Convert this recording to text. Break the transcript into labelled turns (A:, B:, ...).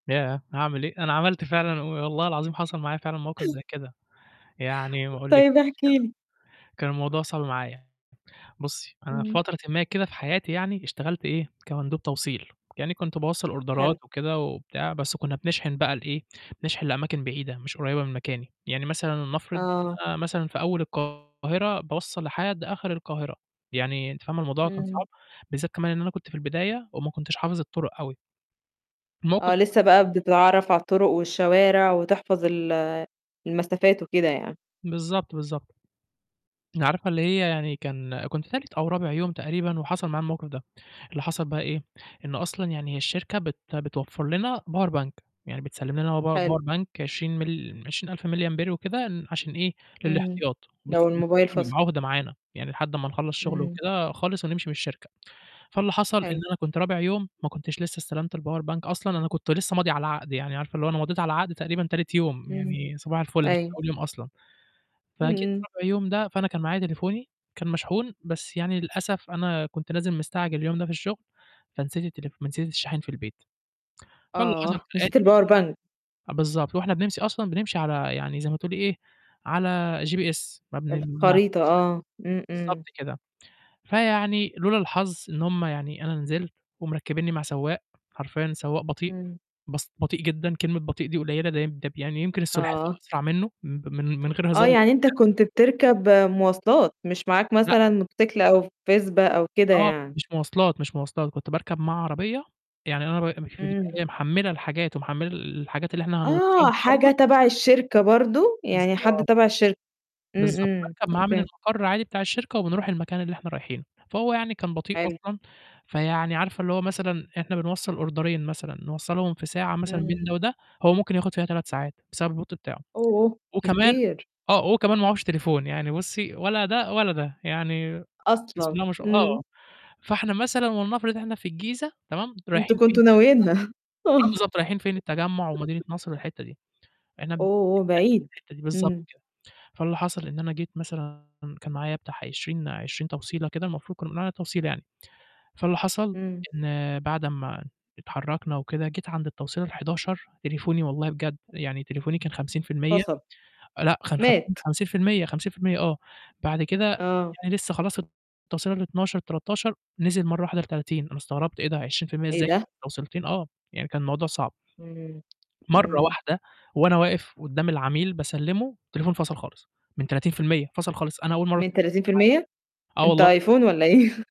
A: ياه! أعمل إيه؟! أنا عملت فعلًا وم والله العظيم حصل معايا فعلًا موقِف زي كده، يعني ما أقولكيش،
B: طيب احكِ
A: كان
B: لي.
A: كان الموضوع صعب معايا، بُصّي، أنا في
B: إمم.
A: فترةٍ ما كده في حياتي يعني اشتغلت إيه، كمندوب توصيل، يعني كنت باوصّل أوردرات
B: حلو.
A: وكده وبتاع، بس كنّا بنشحِن بقى لإيه، بنشحن لأماكن بعيدة مش قريّبة من مكاني، يعني مثلًا لنَفرض
B: آه.
A: أنا مثلًا في أول القاهرة باوصّل لحد آخِر القاهرة، يعني أنتِ فاهمة الموضوع كان
B: إمم.
A: صعب، بالذّات كمان إن أنا كنت في البداية وما كنتش حافظ الطُرُق أوي. الموقِف
B: آه،
A: ده
B: لسه
A: حصل لي
B: بقى بتتعرّف على الطُرُق والشوارع وتحفظ ال المسافات وكده يعني.
A: بالضبط، بالضبط. ن عارفة اللي هي يعني كان كنت تالت أو رابع يوم تقريبًا وحصل معايا الموقِف ده، اللي حصل بقى إيه، إنه أصلًا يعني هي الشركة بت بتوفّر لنا power bank، يعني بتسلِّم لنا power
B: حلو.
A: power bank 20 مل 20000 مللي أمبير وكده ن عشان إيه،
B: إمم،
A: للإحتياط،
B: لو
A: وبتسلِّمه
B: الموبايل
A: لنا
B: فَصَل.
A: بيبقى عُهدة معانا، يعني لحد أمّا نخلّص شُغل
B: إمم.
A: وكده خالص ونمشي من الشركة، فاللي حصل إن
B: حلو.
A: أنا كنت رابع يوم ما كنتش لسه استلمت الpower bank أصلًا، أنا كنت لسه ماضي على العقد، يعني عارفة اللي هو أنا مضيت على العقد تقريبًا تالت يوم،
B: إمم،
A: يعني صباح الفُلّ مش من
B: أيوه.
A: أول يوم أصلًا.
B: إمم،
A: فجيت
B: إمم.
A: رابع يوم ده، فأنا كان معايا تليفوني كان مشحون، بس يعني للأسف أنا كنت نازل مستعجل اليوم ده في الشُغل، فنسيت التليفو فنسيت الشاحن في البيت، فاللي حصل
B: آه،
A: كالآتي،
B: نسيت
A: اللي
B: الpower bank.
A: حصل أ بالضبط، فوإحنا بنمشي أصلًا بنمشي على يعني زي ما تقولي إيه، على GPS ما [unintelligible]
B: الخريطة آه، إمم، إمم.
A: بالضبط كده، فيعني لولا الحظ إن هم يعني أنا نزلت ومركّبيني مع سواق، حرفيًا سواق بطيء،
B: إمم.
A: بس بطيء جدًا، كلمة بطيء دي قليلة، ده يم ده ب يعني يمكن السُلحفا
B: آه.
A: أسرع منّه مب من من غير
B: آه،
A: هزار والله
B: يعني أنت
A: بجد.
B: كنت بتركب مواصلات، مش معاك
A: لأ.
B: مثلًا موتوسيكل أو فِسبا
A: لأ،
B: أو كده
A: آه،
B: يعني.
A: مش مواصلات، مش مواصلات كنت باركب معاه عربية، يعني أنا ب مش بتبقى
B: إمم.
A: إيه، محمّلة الحاجات ومحمّلة ال الحاجات اللي إحنا هنوصّلها
B: آه،
A: برضه.
B: حاجة تبع الشركة برضه، يعني حد
A: بالضبط.
B: تبع الشركة، إمم،
A: بالضبط،
B: إمم،
A: باركب معاه من
B: أوكي.
A: المَقَرّ عادي بتاع الشركة، وبنرُوح المكان اللي إحنا رايحينه، فهو يعني كان بطيء
B: حلو.
A: أصلًا، فيعني عارفة اللي هو مثلًا إحنا بنوصّل أوردرين مثلًا نوصّلهم في ساعة مثلًا بين
B: اهم.
A: ده وده، هو ممكن ياخُد فيها 3 ساعات بسبب البُطء بتاعه
B: أوه!
A: وكمان
B: كتير.
A: آه، هو كمان معهوش تليفون، يعني بُصّي ولا ده ولا ده، يعني بسم
B: أصلًا!
A: الله ما شاء آه،
B: إمم.
A: فإحنا مثلًا ولنَفرض إحنا في الجيزة تمام،
B: أنتم
A: رايحين فين؟
B: كنتم ناويينها
A: التجمّع آه،
B: آه.
A: بالضبط، رايحين فين التجمُّع ومدينة نصر والحتّة دي، إحنا م بنتنقل
B: أوه! بعيد.
A: في الحتّة دي، بالضبط
B: إمم.
A: كده. فاللي حصل إن أنا جيت مثلًا كان معايا بتاع 20- 20 توصيلة كده المفروض كنّا بنقول عليها توصيلة يعني، فاللي حصل
B: إمم.
A: إن بعد أمّا اتحرّكنا وكده، جيت عند التوصيلة ال11 تليفوني والله بجد، يعني تليفوني كان 50%
B: فَصَل.
A: آه، لأ، كان
B: مات.
A: 50- 50%، 50% آه، بعد كده
B: آه.
A: يعني لسه خلاص التوصيلة ال12، ال13، نزِل مرّة واحدة ل30، أنا استغربت إيه ده؟! 20%
B: إيه
A: إزاي
B: ده؟!
A: توصيلتين آه، يعني كان الموضوع صعب.
B: اهم،
A: مرّه
B: إمم.
A: واحدة وأنا واقف قدّام العميل باسلِّمه، التليفون فَصَل خالص، من 30% فَصَل خالص، أنا أول مرّه
B: من
A: تلفوني
B: 30%؟!
A: [unintelligible] آه
B: أنت
A: والله.
B: آيفون والَّا إيه؟